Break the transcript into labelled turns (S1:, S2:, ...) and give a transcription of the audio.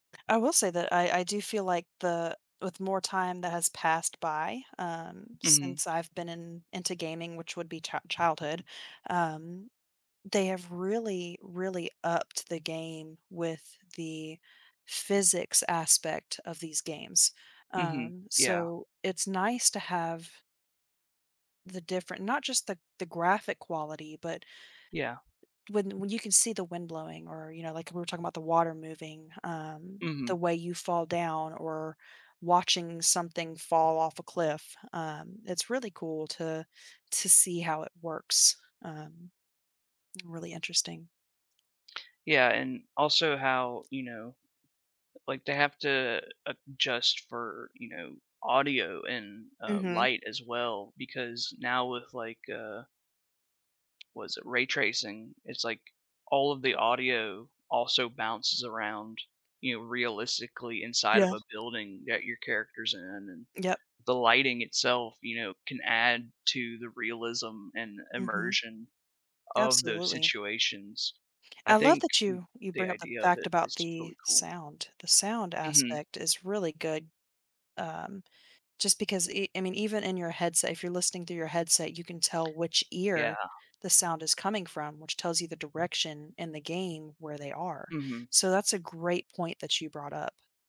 S1: I will say that I I do feel like the with more time that has passed by, um,
S2: Mhm.
S1: since I've been in into gaming, which would be chi childhood, um, they have really, really upped the game with the physics aspect of these games.
S2: Mhm.
S1: Um,
S2: Yeah.
S1: so it's nice to have the different not just the g the graphic quality, but
S2: Yeah.
S1: when when you can see the wind blowing or, you know, like, we were talking about the water moving, um, the
S2: Mhm.
S1: way you fall down or watching something fall off a cliff, um, it's really cool to to see how it works, um really interesting.
S2: Yeah, and also how, you know, like, they have to adjust for, you know, audio and, uh,
S1: Mhm.
S2: light as well because now with, like, uh was it ray tracing? It's like all of the audio also bounces around, you know, realistically inside
S1: Yeah.
S2: of a building that your character's in and
S1: Yep.
S2: the lighting itself, you know, can add to the realism and
S1: Mhm.
S2: immersion of those
S1: Absolutely.
S2: situations. I
S1: I love
S2: think th
S1: that you you
S2: the
S1: bring up the
S2: idea of
S1: fact
S2: it
S1: about
S2: is
S1: the
S2: really cool.
S1: sound. The sound
S2: Mhm.
S1: aspect is really good, um, just because e I mean, even in your headset, if you're listening through your headset, you can tell which
S2: Yeah.
S1: ear the sound is coming from, which tells you the direction in the game where they are.
S2: Mhm.
S1: So that's a great point that you brought up.